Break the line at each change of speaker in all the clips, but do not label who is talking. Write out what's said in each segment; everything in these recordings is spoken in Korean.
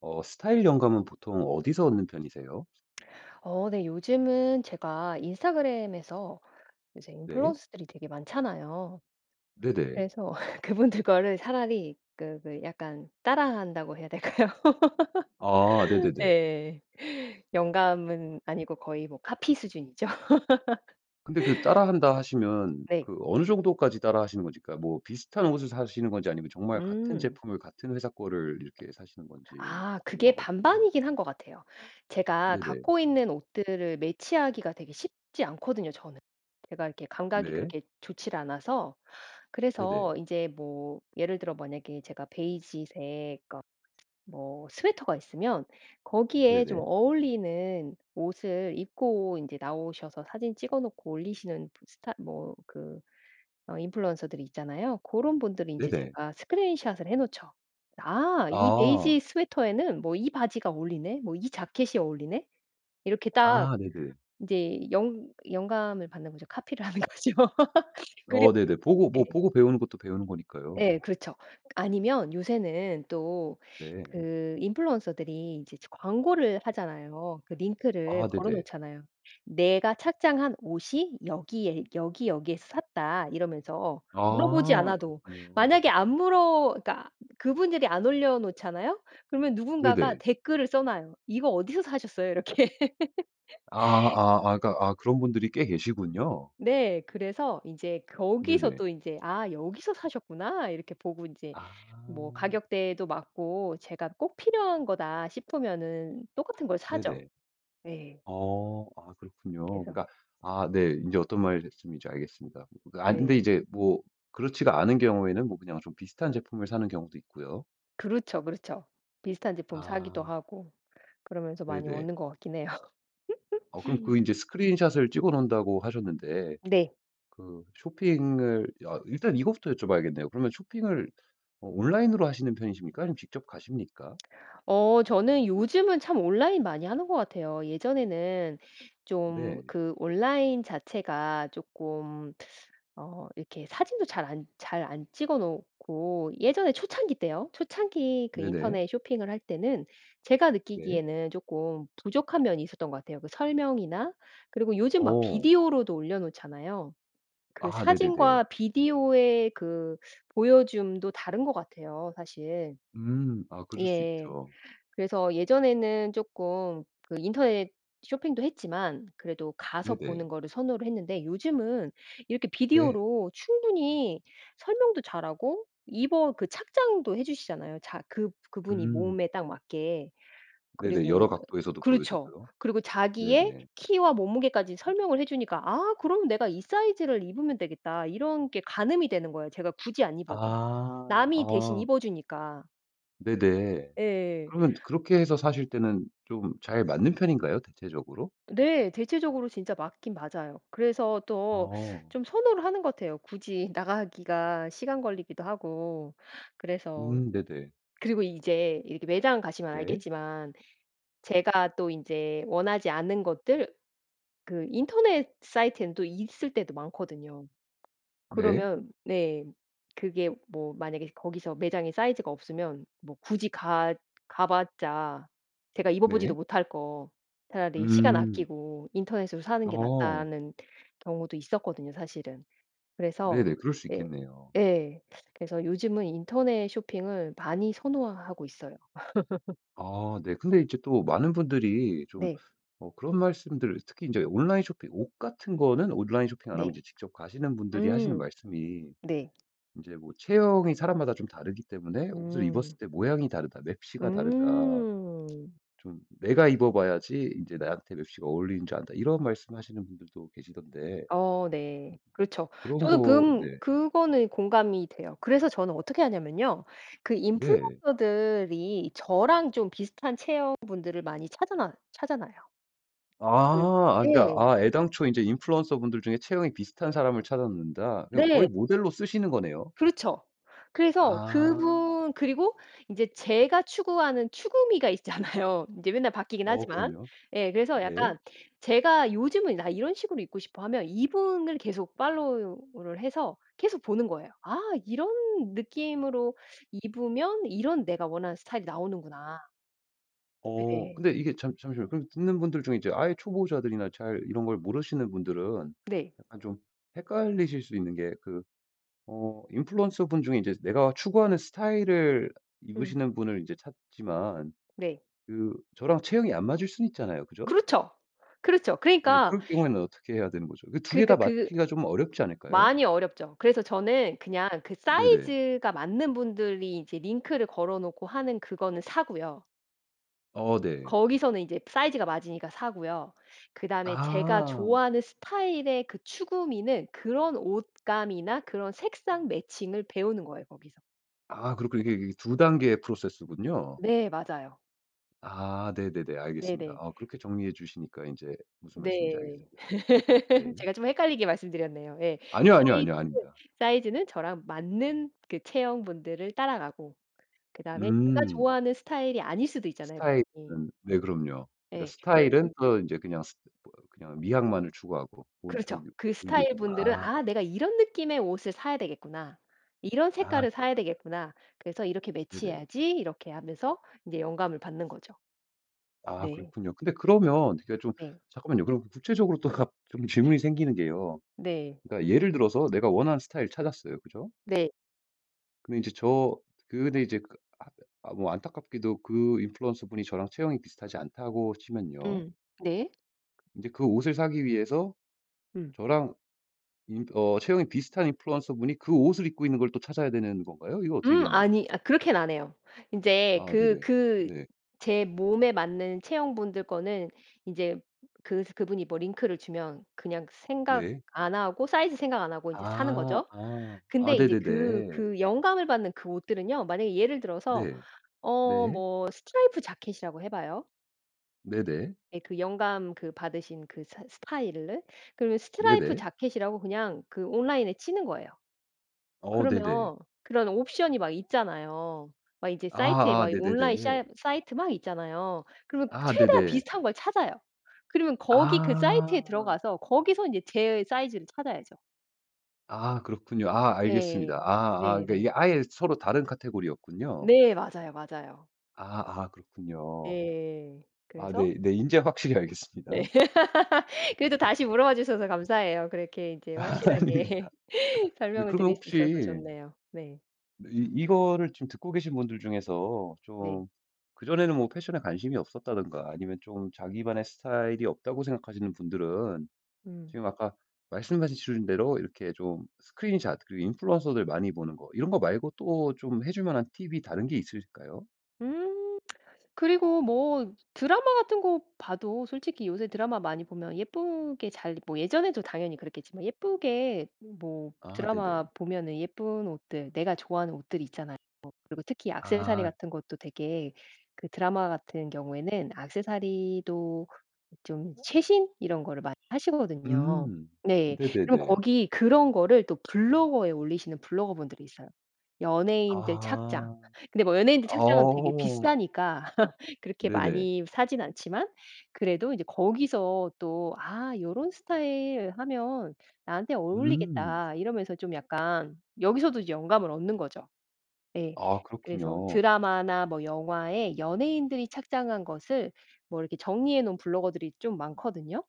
어 스타일 영감은 보통 어디서 얻는 편이세요?
어 네. 요즘은 제가 인스타그램에서 요새
네.
인플루언서들이 되게 많잖아요.
네네.
그래서 그분들 거를 차라리 그 왜 약간 따라한다고 해야 될까요?
아 네네네.
예. 영감은 아니고 거의 뭐 카피 수준이죠.
근데 그 따라한다 하시면
네.
그 어느 정도까지 따라하시는 건지 그니까 뭐 비슷한 옷을 사시는건지 아니면 정말 같은
음.
제품을 같은 회사 거를 이렇게 사시는 건지
아 그게
궁금하거든요.
반반이긴 한 것 같아요. 제가
네네.
갖고 있는 옷들을 매치하기가 되게 쉽지 않거든요 저는. 제가 이렇게 감각이
네.
그렇게 좋질 않아서.
네네.
그래서 인제 뭐 예를 들어 만약에 제가 베이지색 그러니까 뭐 스웨터가 있으면 거기에 좀
네네.
어울리는 옷을 입고 인제 나오셔서 사진 찍어 놓고 올리시는 부 스타 뭐 그 어 인플루언서들이 있잖아요. 고런 분들 인제
네네.
제가 스크린 샷을 해 놓죠. '아 이
아.
베이지 스웨터에는 뭐 이 바지가 어울리네. 뭐 이 자켓이 어울리네?' 이렇게 딱
아 네네.
이제 영 영감을 받는 거죠. 카피를 하는 거죠. 그래
어 네네. 보고 뭐
예.
보고 배우는 것도 배우는 거니까요.
예 그렇죠. 아니면 요새는 또
네.
그 인플루언서들이 이제 저 광고를 하잖아요. 그 링크를
아
걸어
네네.
놓잖아요. '내가 착장한 옷이 여기에 여기 여기에서 샀다.' 이러면서 물어보지
아
않아도
그렇군요.
만약에 안 물어 그니까 그분들이 안 올려 놓잖아요? 그러면 누군가가
네네.
댓글을 써 놔요. "이거 어디서 사셨어요?" 이렇게.
아 아 아 그러니까 아 그런 분들이 꽤 계시군요.
네. 그래서 인제 거기서
네네.
또 인제 '아 여기서 사셨구나.' 이렇게 보고 인제
아.
뭐 가격대도 맞고 제가 '꼭 필요한 거다.' 싶으면은 똑같은 걸 사죠.
네네.
네.
어. 아 그렇군요.
그래서
그러니까 아 네 인제 어떤 말씀인지 알겠습니다. 아 근데
네.
이제 뭐 그렇지가 않은 경우에는 뭐 그냥 좀 비슷한 제품을 사는 경우도 있고요.
그렇죠. 그렇죠. 비슷한 제품 사기도
아.
하고 그러면서 많이
네네.
얻는 것 같긴 해요.
어 그럼 그 이제 스크린 샷을 찍어 놓는다고 하셨는데
네.
그 쇼핑을 여 일단 이거부터 여쭤 봐야겠네요. 그러면 쇼핑을 온라인으로 하시는 편이십니까? 아니면 직접 가십니까?
어 저는 요즘은 참 온라인 많이 하는 것 같아요. 예전에는 좀
네.
그 온라인 자체가 쪼끔 어 이렇게 사진도 잘 안 잘 안 찍어 놓고 예전에 초창기 때요. 초창기 그
네네.
인터넷 쇼핑을 할 때는 제가
네.
느끼기에는 쪼끔 부족한 면이 있었던 것 같아요 그 설명이나. 그리고 요즘 막
어.
비디오로도 올려놓잖아요. 그
아. 네네네.
사진과 비디오의 그 보여줌도 다른 것 같아요 사실.
음. 아. 그럴 수
예.
있죠.
그래서 예전에는 쪼끔 그 인터넷 쇼핑도 했지만 그래도 가서
네네.
보는 거를 선호를 했는데 요즘은 이렇게
네.
비디오로 충분히 설명도 잘 하고 입어 그 착장도 해주시잖아요. 자 그 그분이
음.
몸에 딱 맞게.
네네. 여러
그리고
각도에서도 보여
그렇죠.
주고요.
그리고 자기의
네네.
키와 몸무게까지 설명을 해주니까 '아 그럼 내가 이 사이즈를 입으면 되겠다.' 이런 게 가늠이 되는 거예요. 제가 굳이 안
아
입어도. 남이 대신
어.
입어 주니까.
네네.
예.
그러면 그렇게 해서 사실 때는 좀 잘 맞는 편인가요? 대체적으로?
네. 대체적으로 진짜 맞긴 맞아요. 그래서 또
어.
좀 선호를 하는 것 같아요. 굳이 나가기가 시간 걸리기도 하고 그래서.
음 네네.
그리고 이제 이렇게 매장 가시면
네.
알겠지만 제가 또 인제 원하지 않는 것들 그 인터넷 사이트에는 또 있을 때도 많거든요.
네.
그러면 네 그게 뭐 만약에 거기서 매장에 사이즈가 없으면 뭐 굳이 가 가 봤자 제가 입어 보지도
네.
못할 거 차라리 시간
음.
아끼고 인터넷으로 사는 게
어.
낫다는 경우도 있었거든요 사실은. 그래서
네네. 그럴 수
예
있겠네요.
예 그래서 요즘은 인터넷 쇼핑을 많이 선호하고 있어요.
아 네. 근데 인제 또 많은 분들이 좀
네.
어 그런 말씀들 특히 인제 온라인 쇼핑 옷 같은 거는 온라인 쇼핑 안 하고
네.
이제 직접 가시는 분들이 하시는
음
말씀이
네.
인제 뭐 체형이 사람마다 좀 다르기 때문에 "옷을 입었을
음.
때 모양이 다르다. 맵시가 다르다.
음.
좀 내가 입어 봐야지 인제 나한테 맵시가 어울리는 줄 안다." 이런 말씀하시는 분들도 계시던데.
어 네. 그렇죠.
그런
저도 그
거
음
네.
그거는 공감이 돼요. 그래서 저는 어떻게 하냐면요. 그
네.
인플루언서들이 저랑 좀 비슷한 체형 분들을 많이 찾아놔 찾아놔요. 그 예.
아
그
아 그니까
예.
아 애당초 이제 인플루언서분들 중에 체형이 비슷한 사람을 찾아 놓는다.
네.
거의 모델로 쓰시는 거네요.
그렇죠. 그래서
아.
그분 그리고 인제 제가 추구하는 추구미가 있잖아요 인제 맨날 바뀌긴
어
하지만.
그럼요.
예 그래서
네.
약간 제가 '요즘은 나 이런 식으로 입고 싶어.' 하면 이분을 계속 팔로우를 해서 계속 보는 거예요. '아 이런 느낌으로 입으면 이런 내가 원하는 스타일이 나오는구나.'
어
네.
근데 이게 잠 잠시만요. 그럼 듣는 분들 중에 이제 아예 초보자들이나 잘 이런 걸 모르시는 분들은
네.
약간 좀 헷갈리실 수 있는 게 그 어 인플루언서 분 중에 인제 내가 추구하는 스타일을
응.
입으시는 분을 이제 찾지만
네.
그 저랑 체형이 안 맞을 수는 있잖아요 그죠?
그렇죠. 그렇죠.
네.
그러니까
그럴 경우에는 어떻게 해야 되는 거죠? 그 2 개
그니까
다
그
맞추기가 좀 어렵지 않을까요?
많이 어렵죠. 그래서 저는 그냥 그
네네.
사이즈가 맞는 분들이 이제 링크를 걸어 놓고 하는 그거는 사고요.
어. 네.
거기서는 이제 사이즈가 맞으니까 사고요. 그다음에 제가
아.
좋아하는 스타일의 그 추구미는 그런 옷감이나 그런 색상 매칭을 배우는 거예요 거기서.
아. 그렇군요. 이게 이게 2 단계의 프로세스군요.
네. 맞아요.
아. 네네네. 알겠습니다.
네네.
아 그렇게 정리해 주시니까 인제 무슨 말씀인지
네.
알겠습니다. 네.
제가 좀 헷갈리게 말씀드렸네요. 예.
아니요, 아니요, 아니요.
사이즈는,
아닙니다.
사이즈는 저랑 맞는 그 체형 분들을 따라가고 그다음에 제가
음.
좋아하는 스타일이 아닐 수도 있잖아요 그분이.
스타일은 네 그럼요. 그러니까
예. 그러면
스타일은 더 인제 그냥 스 또 그냥 미학만을 추구하고 본
그렇죠.
보규
그
보이게
스타일 분들은
아.
'아. 내가 이런 느낌의 옷을 사야 되겠구나. 이런
아.
색깔을 사야
그렇구나.
되겠구나. 그래서 이렇게
네네.
매치해야지.' 이렇게 하면서 인제 영감을 받는 거죠.
아.
네.
그렇군요. 근데 그러면 이게 좀
네.
잠깐만요. 그럼 구체적으로 또 갑 좀 질문이 생기는 게요.
네.
그러니까 예를 들어서 내가 원하는 스타일을 찾았어요 그죠?
네.
근데 인제 저 그 근데 인제 그 안 아 뭐 안타깝게도 그 인플루언서분이 저랑 체형이 비슷하지 않다고 치면요
음 네.
인제 그 옷을 사기 위해서
응.
저랑 인 어 체형이 비슷한 인플루언서분이 그 옷을 입고 있는 걸 또 찾아야 되는 건가요? 이거 어떻게
음
되는 거죠?
아니 아 그렇게는 안 해요. 인제
아
그
네네.
그
네.
제 몸에 맞는 체형분들 거는 인제 그 스 그분이 뭐 링크를 주면 그냥 생각
네.
안 하고 사이즈 생각 안 하고 인제 사는
아
거죠.
아 아
근데 이제 그
네네네.
그 영감을 받는 그 옷들은요 만약에 예를 들어서
네.
어
네.
뭐 스트라이프 재킷이라고 해 봐요.
네네.
예 그 영감 그 받으신 그 스 스타일을. 그러면 스트라이프
네네.
재킷이라고 그냥 그 온라인에 치는 거예요.
어 네네.
그러면 그런 옵션이 막 있잖아요. 막 이제 사이트에
아 아
막 온라인
네네네.
샤 사이트 막 있잖아요. 그러면
아
최대한
네네.
비슷한 걸 찾아요. 그러면 거기 그 사이트에 들어
아.
가서 거기서 인제 제 사이즈를 찾아야죠.
아 그렇군요. 아 알겠습니다.
네.
아 아 이게
네네.
아예 서로 다른 카테고리였군요.
네 맞아요, 맞아요.
아 아 그렇군요.
예.
아
그래서
네 네. 인제 확실히
네.
알겠습니다.
그래도 다시 물어봐 주셔서 감사해요. 그렇게 이제
아닙니다.
확실하게 설명을
그러면
드릴 수 있어서
혹시
좋네요. 네.
네 이 이거를 지금 듣고 계신 분들 중에서
네.
좀 그전에는 뭐 패션에 관심이 없었다든가 아니면 좀 자기만의 스타일이 없다고 생각하시는 분들은
음.
지금 아까 말씀해 주신대로 이렇게 좀 스크린샷 그리고 인플루언서들 많이 보는거 이런거 말고 또 좀 해 줄만한 팁이 다른 게 있을까요?
음. 그리고 뭐 드라마 같은 거 봐도 솔직히 요새 드라마 많이 보면 예쁘게 잘 뭐 예전에도 당연히 그랬겠지만 예쁘게 뭐
아 네네.
드라마 보면은 예쁜 옷들 내가 좋아하는 옷들이 있잖아요. 그리고 특히 액세서리
아.
같은 것도 되게 그 드라마 같은 경우에는 액세서리도 좀 최신 이런 거를 많이 하시거든요.
음.
네. 그럼
네네네.
거기 그런 거를 또 블로그에 올리시는 블로거 분들이 있어요. 연예인들 착장.
아
근데 뭐 연예인들 착장은 되게
어.
비싸니까 그렇게
네네.
많이 사진 않지만 그래도 이제 거기서 또 '아 요런 스타일 하면 나한테
음.
어울리겠다.' 이러면서 좀 약간 여기서도 이제 영감을 얻는 거죠. 예.
아.
그래서
그렇군요.
드라마나 뭐 영화에 연예인들이 착장한 것을 뭐 이렇게 정리해 놓은 블로거들이 좀 많거든요.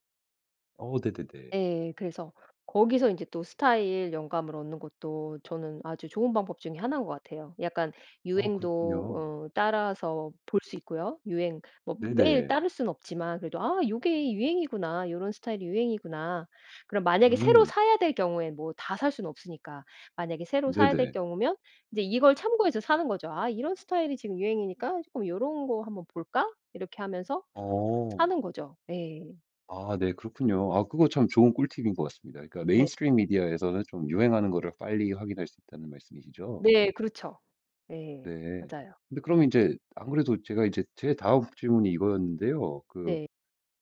어. 네네네.
예. 그래서 거기서 인제 또 스타일 영감을 얻는 것도 저는 아주 좋은 방법 중에 1 인 것 같아요. 약간
어.
유행도
그렇군요.
어 따라서 볼 수 있고요. 유행 뭐 매일
네네.
따를 수는 없지만 그래도 '아 요게 유행이구나. 요런 스타일이 유행이구나.' 그럼 만약에 새로
음.
사야 될 경우에 뭐 다 살 수는 없으니까. 만약에 새로 사야 될
네네.
경우면 이제 이걸 참고해서 사는 거죠. '아 이런 스타일이 지금 유행이니까 쪼끔 요런 거 한번 볼까?' 이렇게 하면서
어.
사는 거죠. 예.
아 네. 그렇군요. 아. 그거 참 좋은 꿀팁인 것 같습니다. 그러니까 메인
네.
스트림 미디어에서는 좀 유행하는 거를 빨리 확인할 수 있다는 말씀이시죠?
네. 그렇죠. 네.
네.
맞아요.
근데 그러면 인제 안 그래도 제가 이제 제 다음 질문이 이거였는데요. 그
네.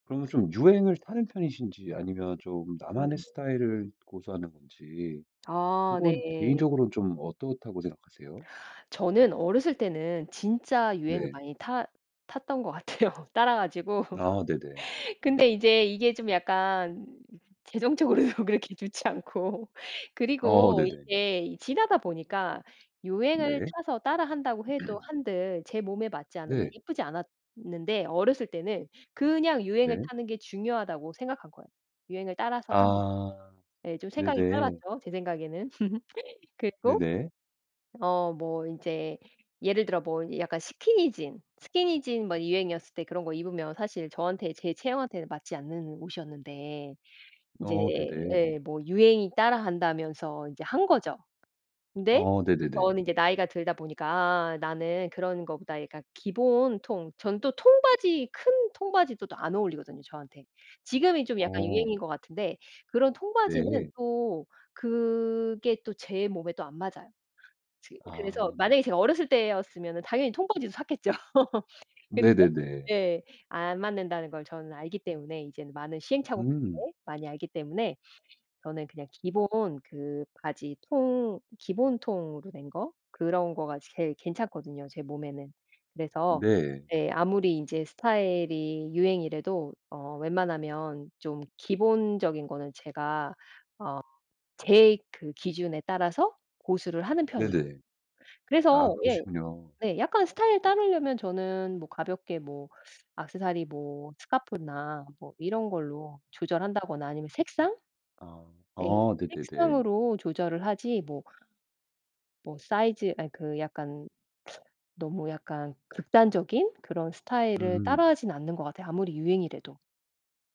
그러면 좀 유행을 타는 편이신지 아니면 좀 나만의
네네.
스타일을 고수하는 건지
아
그건
네.
개인적으로 좀 어떻다고 생각하세요?
저는 어렸을 때는 진짜 유행을
네.
많이 타 탔던 거 같아요. 따라 가지고.
아 네네.
근데 이제 이게 좀 약간 재정적으로도 그렇게 좋지 않고
어
그리고
네네.
이제 지나다 보니까 유행을
네.
타서 따라한다고 해도 한들 제 몸에 맞지 않으면
네.
예쁘지 않았는데 어렸을 때는 그냥 유행을
네.
타는 게 중요하다고 생각한 거예요. 유행을 따라서 하는.
아.
네 좀 생각이
네네.
짧았죠, 제 생각에는. 그리고
네네.
어 뭐 인제 예를 들어 뭐 약간 스키니진. 스키니진 뭐 유행이었을 때 그런 거 입으면 사실 저한테 제 체형한테는 맞지 않는 옷이었는데 이제
어. 네네.
예 뭐 유행이 따라한다면서 이제 한 거죠. 근데
어. 네네네.
저는 이제 나이가 들다 보니까 아 나는 그런 것보다 약간 기본 통 저는 또 통바지 큰 통바지도 또 안 어울리거든요 저한테. 지금이 좀 약간
어.
유행인 것 같은데 그런 통바지는
네.
또 그게 또 제 몸에 또 안 맞아요. 즈 그래서
아.
만약에 제가 어렸을 때였으면은 당연히 통바지도 샀겠죠. 근데
네네네.
네, 안 맞는다는 걸 저는 알기 때문에 이제는 많은 시행착오
음.
때문에, 많이 알기 때문에 저는 그냥 기본 그 바지 통 기본 통으로 된 거 그런 거가 제일 괜찮거든요, 제 몸에는. 그래서
네.
예 아무리 인제 스타일이 유행이래도 어 웬만하면 좀 기본적인 거는 제가 어 제 그 기준에 따라서 고수를 하는 편이에요.
네네. 아
그래서 예.
그러시군요.
네. 약간 스타일을 따르려면 저는 뭐 가볍게 뭐 액세서리 뭐 스카프나 뭐 이런 걸로 조절한다거나 아니면 색상?
아.
네
어 네네네.
색상으로 조절을 하지 뭐 뭐 사이즈 아 그 약간 너무 약간 극단적인 그런 스타일을
음.
따라 하진 않는 것 같아요, 아무리 유행이래도.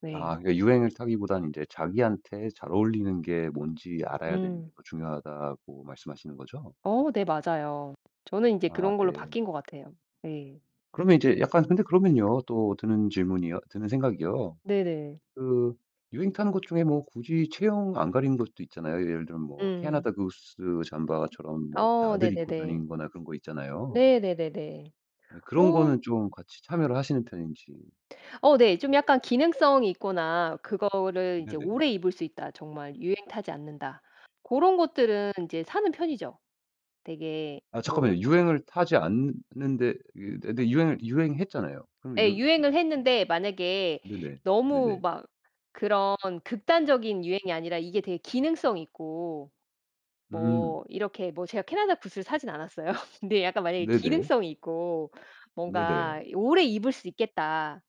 네.
아. 그 유행을 타기보단 이제 "자기한테 잘 어울리는 게 뭔지 알아야 되는 게
음.
더 중요하다."고 말씀하시는거죠?
어 네. 맞아요. 저는 인제
아
그런 걸로
네.
바뀐 것 같아요. 네.
그러면 이제 약간 근데 그러면요. 또 드는 질문이요 드는 생각이요.
네네.
그 유행 타는 것 중에 뭐 굳이 체형 안 가리는 것도 있잖아요. 예를 들면 뭐
음.
캐나다 구스
음
잠바처럼 뭐
어.
다들 입고
네네네.
다니는 거나 그런 거 있잖아요.
네. 네네네.
네. 그런 거는
어.
좀 같이 참여를 하시는 편인지.
어. 네. 좀 약간 기능성이 있거나 그거를 이제
네네.
오래 입을 수 있다. 정말 유행 타지 않는다. 고런 것들은 이제 사는 편이죠. 되게
아
뭐
잠깐만요.
아
유행을 타지 않느 는데 이 근데 유행 유행했잖아요. 그러면 유
예.
음 음.
유행을 했는데 만약에
네네.
너무
네네.
막 그런 극단적인 유행이 아니라 이게 되게 기능성이 있고
음.
뭐 이렇게 뭐 제가 캐나다 구스를 사진 않았어요. 근데 약간 만약에
네네.
기능성이 있고
네네.
뭔가 이 '오래 입을 수 있겠다.'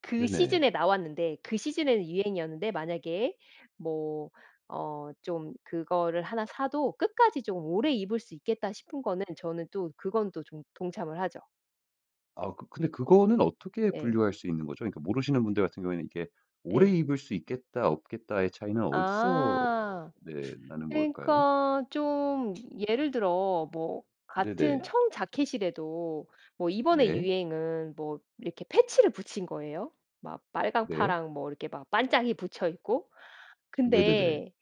그
네네.
시즌에 나왔는데, 그 시즌에는 유행이었는데 만약에 뭐 어 좀 그거를 1 사도 '끝까지 좀 오래 입을 수 있겠다.' 싶은 거는 저는 또 그건 또 좀 동참을 하죠.
아 그 근데 그거는 어떻게
예.
분류할 수 있는 거죠? 그러니까 모르시는 분들 같은 경우에는 이게 오래
네.
입을 수 있겠다, 없겠다의 차이는 어디서
아.
네 나는 걸까요?
그러니까 좀 예를 들어 뭐 같은
네네.
청자켓이라도 뭐 이번의
네.
유행은 뭐 이렇게 패치를 붙인 거예요. 막 빨강,
네.
파랑 뭐 이렇게 막 반짝이 붙여 있고.
네네네.
근데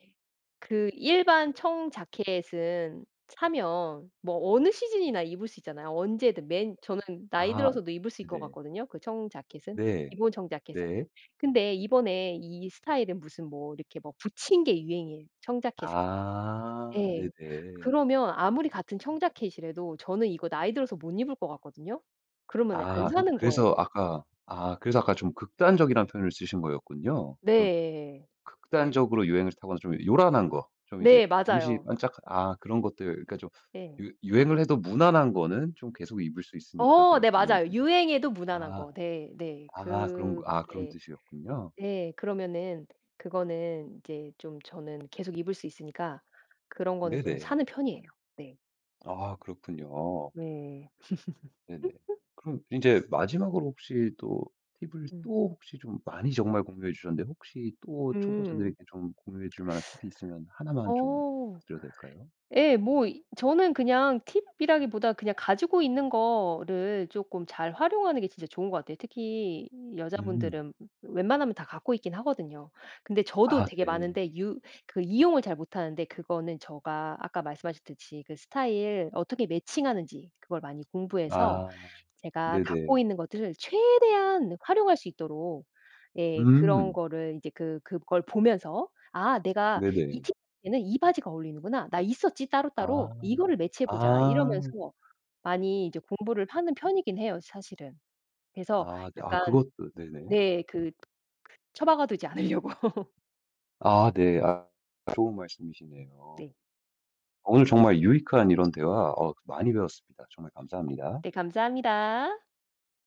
그 일반 청자켓은 사면 뭐 어느 시즌이나 입을 수 있잖아요. 언제든 맨 저는 나이
아
들어서도 입을 수 있을 것
네.
같거든요, 그 청자켓은.
네.
기본 청자켓은.
네.
근데 이번에 이 스타일은 무슨 뭐 이렇게 뭐 붙인 게 유행이에요, 청자켓에.
아.
예.
네네.
그러면 아무리 같은 청자켓이라도 저는 이거 나이 들어서 못 입을 것 같거든요. 그러면은 안
아 그
사는 거예요.
그래서 아까 아 그래서 아까 좀 극단적이라는 표현을 쓰신 거였군요. 좀
네.
극단적으로 유행을 타거나 좀 요란한 거. 좀 이제
네.
잠시
맞아요.
반짝 아 그런 것들 그니까 좀
예.
유 유행을 해도 무난한 거는 좀 계속
음.
입을 수 있으니까
어
그럴
네.
때는
맞아요. 유행해도 무난한
아.
거. 네. 네.
아 그런 거
그
아 그런
네.
뜻이었군요.
네. 그러면은 그거는 이제 좀 저는 계속 입을 수 있으니까 그런 거는 좀
네네.
사는 편이에요. 네.
아 그렇군요.
네.
네네. 그럼 인제 마지막으로 혹시 또 팁을
음.
또 혹시 좀 많이 정말 공유해주셨는데 혹시 또 초보자들에게
음.
좀 공유해줄 만한 팁이 있으면 1 만 좀
어
드려도 될까요?
예 뭐 이 저는 그냥 팁이라기보다 그냥 가지고 있는 거를 조금 잘 활용하는 게 진짜 좋은 것 같아요. 특히
음.
여자분들은 웬만하면 다 갖고 있긴 하거든요. 근데 저도
아
되게
네.
많은데 유 그 이용을 잘 못하는데 그거는 제가 아까 말씀하셨듯이 그 스타일 어떻게 매칭하는지 그걸 많이 공부해서
아
제가
네네.
갖고 있는 것들을 최대한 활용할 수 있도록. 예, 그런
음.
거를 이제 그 그걸 보면서 '아 내가 이
네네.
티에는 이 바지가 어울리는구나. 나 있었지
아
따로따로. 이거를 매치해보자.'
아.
이러면서 많이 이제 공부를 하는 편이긴 해요 사실은. 그래서
아 네 아
약간
그것도 네네.
네, 그 처박아두지 않으려고.
아 네. 아 좋은 말씀이시네요.
네.
오늘 정말 유익한 이런 대화 어 많이 배웠습니다. 정말 감사합니다.
네, 감사합니다.